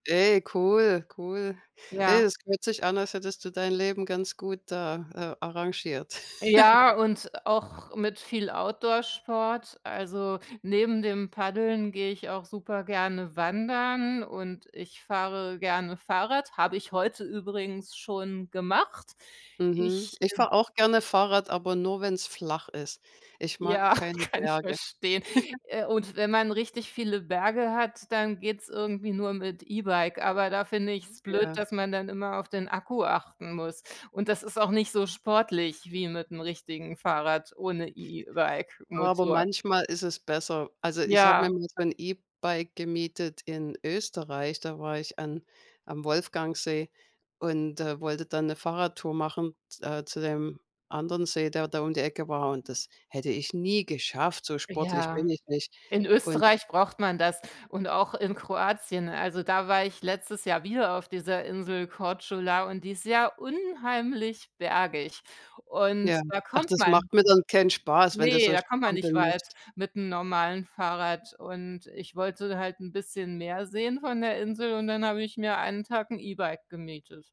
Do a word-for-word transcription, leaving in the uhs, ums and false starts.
Ey, cool, cool. Ey, Ja. es hört sich an, als hättest du dein Leben ganz gut da, äh, arrangiert. Ja, und auch mit viel Outdoor-Sport. Also, neben dem Paddeln gehe ich auch super gerne wandern und ich fahre gerne Fahrrad, habe ich heute übrigens schon gemacht. Mhm. Ich, Ich ähm fahre auch gerne Fahrrad, aber nur, wenn's flach ist. Ich mag Ja, keine kann ich Berge. verstehen, äh, und wenn man richtig viele Berge hat, dann geht’s irgendwie nur mit E-Bike, aber da finde ich's blöd, Ja. dass man dann immer auf den Akku achten muss und das ist auch nicht so sportlich wie mit 'nem richtigen Fahrrad ohne Aber E-Bike-Motor. manchmal ist es besser. Also, ich habe mir Ja. mal so 'n E-Bike gemietet in Österreich. Da war ich an am Wolfgangsee und, äh, wollte da 'ne Fahrradtour machen, z äh, zu dem anderen See, der da um die Ecke war und das hätte ich nie geschafft, so sportlich bin Ja. ich nicht In und Österreich braucht man das und auch in Kroatien. Also, da war ich letztes Jahr wieder auf dieser Insel Korčula und die ist ja unheimlich bergig, und Ja, da ach, kommt das man macht mir dann keinen Spaß, wenn du ne, so da kommt man nicht strampeln weit musst. mit 'nem normalen Fahrrad und ich wollte halt 'n bisschen mehr sehen von der Insel und dann habe ich mir einen Tag 'n E-Bike gemietet.